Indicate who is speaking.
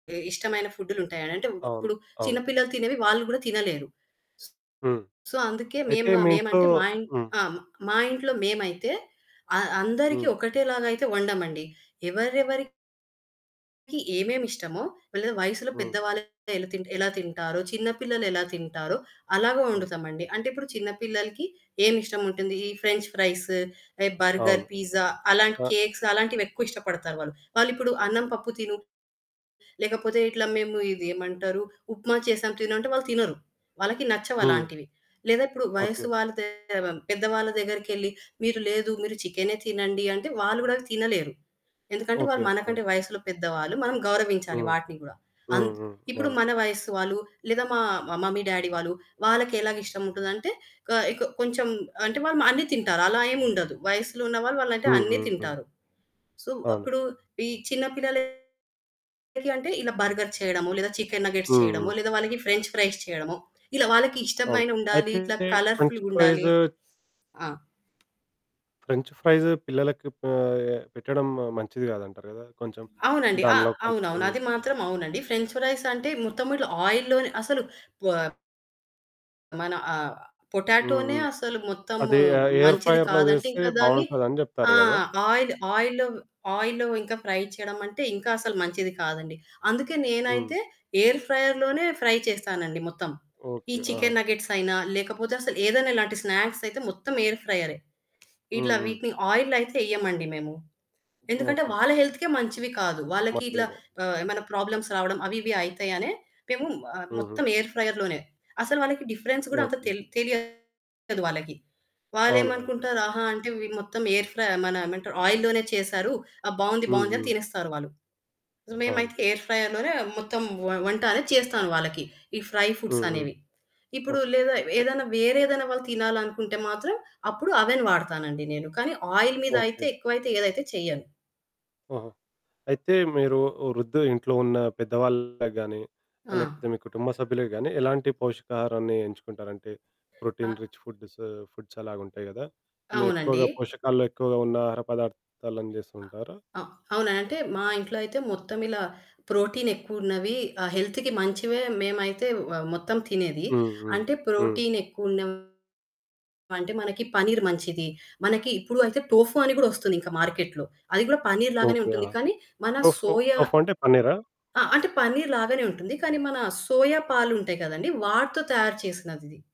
Speaker 1: ఇ ఇష్టమైన ఫుడ్లుంటాయి అనంటే,
Speaker 2: అవును.
Speaker 1: ఇప్పుడు చిన్న
Speaker 2: అవును.
Speaker 1: పిల్లలు తినేవి వాళ్ళు కూడా తినలేరు.
Speaker 2: హ్మ్.
Speaker 1: సో, అందుకే
Speaker 2: అయితే
Speaker 1: మేమ
Speaker 2: మీ ఇంట్లో
Speaker 1: మేమంటే మా ఇన్
Speaker 2: హ్మ్.
Speaker 1: ఆ! మా ఇంట్లో మేమైతే అ అందరికి
Speaker 2: హ్మ్.
Speaker 1: ఒకటేలాగా అయితే వండం అండి. ఎవరెవరికీ ఏమేమిష్టమో, వాళ్ళు వయసులో
Speaker 2: హ్మ్.
Speaker 1: పెద్దవాళ్ళు ఎలా తిన్ ఎలా తింటారో, చిన్న పిల్లలు ఎలా తింటారో, అలాగే
Speaker 2: ఆ!
Speaker 1: వొండుతాము అండి. అంటే ఇప్పుడు చిన్న పిల్లలకి ఏమి ఇష్టం ఉంటుంది. ఈ ఫ్రెంచ్ ఫ్రైస్, ఎ బర్గర్,
Speaker 2: అవును.
Speaker 1: పిజ్జా అలాంటి
Speaker 2: అ
Speaker 1: కేక్స్ అలాంటివెక్కువ ఇష్టపడతారు వాళ్ళు. వాళ్ళు ఇప్పుడు అన్నం పప్పు తిను, లేకపోతే ఇట్లా మేము ఇది ఏమంటారు, ఉప్మా చేసాం తిను అంటే, వాళ్ళు తినరు. వాళ్ళకి
Speaker 2: హ్మ్.
Speaker 1: నచ్చవలాంటివి. లేదా, ఇప్పుడు వయసు
Speaker 2: ఓకే.
Speaker 1: వాళ్ళు [unintelligible] పెద్దవాళ్ళ దగ్గరికెళ్లి, మీరు లేదు, మీరు చికెనే తినండి అంటే, వాళ్ళు కూడా తినలేరు. ఎందుకంటే వాళ్ళు
Speaker 2: ఓకే.
Speaker 1: మనకంటే
Speaker 2: ఆ!
Speaker 1: వయసులో పెద్దవాళ్ళు, మనం గౌరవించాలి
Speaker 2: హ్మ్,
Speaker 1: వాటిని కూడా.
Speaker 2: హ్మ్,
Speaker 1: అంత్
Speaker 2: హ్మ్.
Speaker 1: ఇప్పుడు
Speaker 2: అవును.
Speaker 1: మన వయసు వాళ్ళు, లేదా మా మా మమ్మీ డాడీ వాళ్ళు, వాళ్ళకి ఎలా ఇష్టం ఉంటుంది అంటే, కాయ్‌ కొ కొంచెం అంటే వాళ్ళు అన్ని తింటారు. అలా ఏమి ఉండదు. వయసులో ఉన్న వాళ్ళు అంటే
Speaker 2: హ్మ్,
Speaker 1: అన్ని
Speaker 2: హ్మ్.
Speaker 1: తింటారు. సో, వ్
Speaker 2: అవును.
Speaker 1: అప్పుడు ఈ చిన్న పిల్లలకి అంటే ఇలా బర్గర్ చేయడమో, లేదా చికెన్ నగ్గెట్స్
Speaker 2: హ్మ్,
Speaker 1: చేయడమో,
Speaker 2: హ్మ్.
Speaker 1: లేదా వాళ్ళకి ఫ్రెంచ్ ఫ్రైస్ చేయడమో, ఇలా వాళ్ళకి
Speaker 2: అవును.
Speaker 1: ఇష్టమైన ఉండాలి,
Speaker 2: అయితే
Speaker 1: ఇట్లా కలర్
Speaker 2: ఫ్రెంచ్
Speaker 1: ఫుల్‌గుండాలి.
Speaker 2: ఫ్రైస్
Speaker 1: ఆ!
Speaker 2: ఫ్రెంచ్ ఫ్రైస్ పిల్లలకి ప ఎ పెట్టడం మంచిది కాదంటారు కదా! కొంచెం
Speaker 1: అవునండి. అ
Speaker 2: దానిలో కొంచెం
Speaker 1: అవునవును. అది మాత్రం అవునండి. ఫ్రెంచ్ ఫ్రైస్ అంటే, మొత్తం ఇట్లా ఆయిల్ లోనే అసలు పొప్ మన ఆహ్,
Speaker 2: హ్మ్,
Speaker 1: పొటాటోనే
Speaker 2: హ్మ్.
Speaker 1: అసలు మొత్తం
Speaker 2: అది ఆ ఎయిర్
Speaker 1: మంచిది
Speaker 2: ఫ్రైయర్‌లో
Speaker 1: కాదంటే,
Speaker 2: చేస్తే
Speaker 1: ఇంకా దాన్ని
Speaker 2: బావుంటది అని చెప్తారు
Speaker 1: ఆ!
Speaker 2: గదా!
Speaker 1: ఆయిల్ ఆయిల్‌లో ఆయిల్‌‌లో ఇంకా ఫ్రై చేయడం అంటే, ఇంకా అసలు మంచిది కాదండి. అందుకే
Speaker 2: హ్మ్.
Speaker 1: నేనైతే ఎయిర్ ఫ్రైయర్ లోనే ఫ్రై చేస్తానండి మొత్తం. ఈ
Speaker 2: ఓకే. ఆహా!
Speaker 1: చికెన్ నగ్గెట్స్ అయినా, లేకపోతే అసలు ఏదైనా ఇలాంటి స్నాక్స్ అయితే, మొత్తం ఎయిర్ ఫ్రైయరే.
Speaker 2: హ్మ్,
Speaker 1: ఇట్లా
Speaker 2: హ్మ్.
Speaker 1: వీటిని ఆయిల్‌లో అయితే ఎయ్యమండి మేము. ఎందుకంటే,
Speaker 2: ఓకే.
Speaker 1: వాళ్ళ హెల్త్‌కే మంచివి కాదు. వాళ్ళకి
Speaker 2: మంచివి
Speaker 1: ఇట్లా
Speaker 2: కాదు.
Speaker 1: ఆహ్, ఏమైనా ప్రాబ్లమ్స్ రావడం అవి, ఇవి అయితాయనే మేము ఆహ్,
Speaker 2: హుహు.
Speaker 1: మొత్తం ఎయిర్ ఫ్రైయర్ లోనే. అసలు వాళ్ళకి డిఫరెన్స్ కూడా అంత
Speaker 2: ఓకే.
Speaker 1: తెల్ తెలియదు వాళ్ళకి. వాళ్ళు
Speaker 2: అవును, అవును.
Speaker 1: ఏమనుకుంటారు, ఆహా! అంటే ఇవి మొత్తం ఎయిర్ ఫ్రైయే మానా ఏమంటారు ఆయిల్ లోనే చేసారు, ఆ! బావుంది,
Speaker 2: హ్మ్,
Speaker 1: బావుంది అని
Speaker 2: హ్మ్.
Speaker 1: తినేస్తారు వాళ్ళు.
Speaker 2: అవును.
Speaker 1: మేమైతే ఎయిర్ ఫ్రైయర్ లోనే మొత్తం వ వంట అనేది చేస్తాను వాళ్ళకి. ఈ ఫ్రై
Speaker 2: హ్మ్, హ్మ్.
Speaker 1: ఫుడ్సనేవి. ఇప్పుడు
Speaker 2: ఓకే.
Speaker 1: లేదా,
Speaker 2: ఎ
Speaker 1: ఏదైనా వేరే ఏదైనా వాళ్ళు తినాలనుకుంటే మాత్రం, అప్పుడు అవెన్ వాడతాను అండి నేను. కానీ ఆయిల్ మీద
Speaker 2: ఓకే.
Speaker 1: అయితే ఎక్కువైతే ఏదైతే చేయను.
Speaker 2: ఆహా! అయితే మీరు వృద్దు ఇంట్లో ఉన్న పెద్దవాళ్ళకి గానీ, లేకపోతే
Speaker 1: ఆ!
Speaker 2: మీ కుటుంబ సభ్యులకి గాని, ఎలాంటి పోషకాహారాన్ని ఎంచుకుంటారు? అంటే,
Speaker 1: ఆ
Speaker 2: ప్రోటీన్ రిచ్ ఫుడ్స్, ఫుడ్స్ అలాగుంటాయి కదా! మీ
Speaker 1: అవునండి.
Speaker 2: ఎక్కువగా పోషకాల్లో ఎక్కువగా ఉన్న ఆహార పదార్థాలను
Speaker 1: అ
Speaker 2: చేస్తుంటారా?
Speaker 1: అ అవునా! అంటే, మా ఇంట్లో అయితే మొత్తం ఇలా ప్రోటీనెక్కువున్నవి. ఆహ్, హెల్త్‌కి మంచివే. మేమైతే వ మొత్తం తినేది.
Speaker 2: హ్మ్, హ్మ్,
Speaker 1: అంటే
Speaker 2: హ్మ్.
Speaker 1: ప్రోటీనెక్కువున్నవి అంటే, మనకి పన్నీర్ మంచిది. మనకి ఇప్పుడు అయితే, టోఫు అని కూడా ఒస్తుంది మార్కెట్‌లో. అది కూడా పన్నీర్ లాగానే
Speaker 2: ఓకే. ఆ!
Speaker 1: ఉంటుంది కానీ, మన
Speaker 2: టోఫు
Speaker 1: సోయా
Speaker 2: టోఫు అంటే పన్నీరా?
Speaker 1: ఆ! అంటే పన్నీర్ లాగానేవుంటుంది. కానీ, మన సోయా పాలు ఉంటాయి కదండీ! వాటితో తయారు చేసినది ఇది.